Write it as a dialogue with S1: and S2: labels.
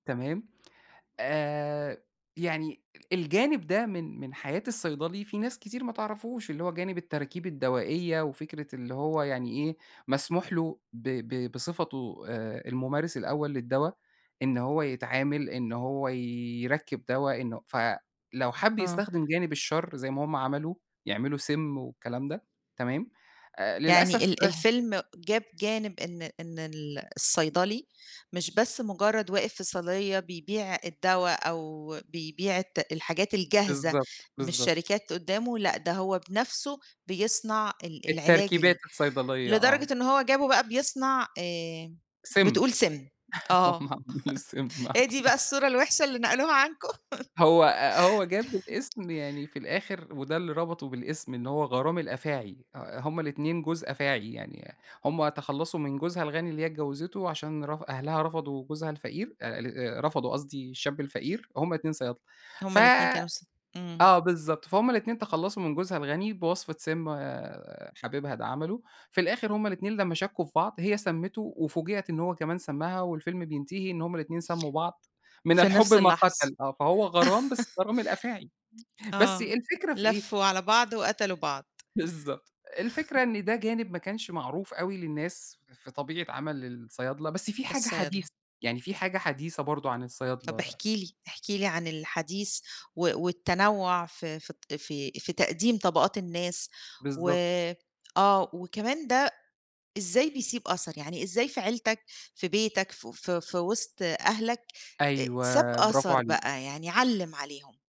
S1: تمام، آآ، يعني الجانب ده من من حياة الصيدلي فيه ناس كتير ما تعرَفهوش، اللي هو جانب التراكيب الدوائية وفكرة اللي هو يعني إيه مسموح له ب ب بصفتُه آآ، الممارس الأول للدوا، إن هو يتعامل، إن هو يركّب دوا، إنه فلو حَبّ
S2: آه.
S1: يستخدم جانب الشرّ زَي ما هم عملوا، يعملوا سِمّ والكلام ده، تمام؟ آآ،
S2: يعني
S1: للأسف
S2: ال
S1: ده
S2: الفيلم جاب جانب إن إن ال الصيدلي مش بس مجرّد واقف في صيدلية بيبيع الدوا، أو بيبيع الت الحاجات الجاهزة
S1: بالضبط،
S2: من
S1: بالضبط.
S2: الشركات قدّامُه، لأ ده هو بنَفسُه بيصنَع ال العلاج
S1: التركيبات
S2: ال
S1: الصيدلية، آه.
S2: لدرجة إن هو جابُه بقى بيصنَع آآ،
S1: سِمّ،
S2: بتقول سِمّ،
S1: هم
S2: آه
S1: عملوا السِمّ، آه.
S2: هي دي بقى الصورة الوحشة اللي نقلوها عنكم؟
S1: هو آآ، هو جاب الاسم يعني في الآخر، وده اللي ربَطُه بالاسم إن هو غرام الأفاعي، آآ، هم الاتنين جوز أفاعي يعني، هم تخلّصوا من جوزها الغني اللي هي اتجوزتُه، عشان رف أهلها رفضوا جوزها الفقير آآ، ال رفضوا قصدي الشاب الفقير، هم الاتنين صيادلة،
S2: هم
S1: ف
S2: الاتنين كانوا ص
S1: آه
S2: إمم.
S1: بالضبط، فهم الاتنين تخلّصوا من جوزها الغني بوصفة سِمّ، حبيبها ده عملُه، في الآخر هم الاتنين لمّا شكّوا في بعض، هي سمّتُه وفوجِئَت إن هو كمان سمّها، والفيلم بينتهي إن هم الاتنين سمّوا بعض، من
S2: في
S1: الحب
S2: نَفْس
S1: ما
S2: اللحظة.
S1: قَتَل، آه، فهو غرام بس غرام الأفاعي، بس
S2: آه
S1: الفكرة في إيه؟
S2: لفّوا على بعض وقتلوا بعض.
S1: بالضبط، الفكرة إن ده جانب ما كانش معروف أوي للناس في طبيعة عَمَل الصيادلة، بس فيه حاجة
S2: الصيادلة.
S1: حديثة، يعني فيه حاجة حديثة برضه عن
S2: طَب
S1: الصيادلة.
S2: احكِ لي، احكِ لي عن الحديث و والتنوّع ف في ط في في تقديم طَبَقات الناس، و
S1: بالضبط.
S2: آه وكمان ده إزاي بيسيب أثَر؟ يعني إزاي في عيلتك، في بيتك، ف ف في وِسط أهلك آآ، ساب
S1: أيوه، برافو
S2: أثَر
S1: عليكِ.
S2: بقى يعني علّم عليهم؟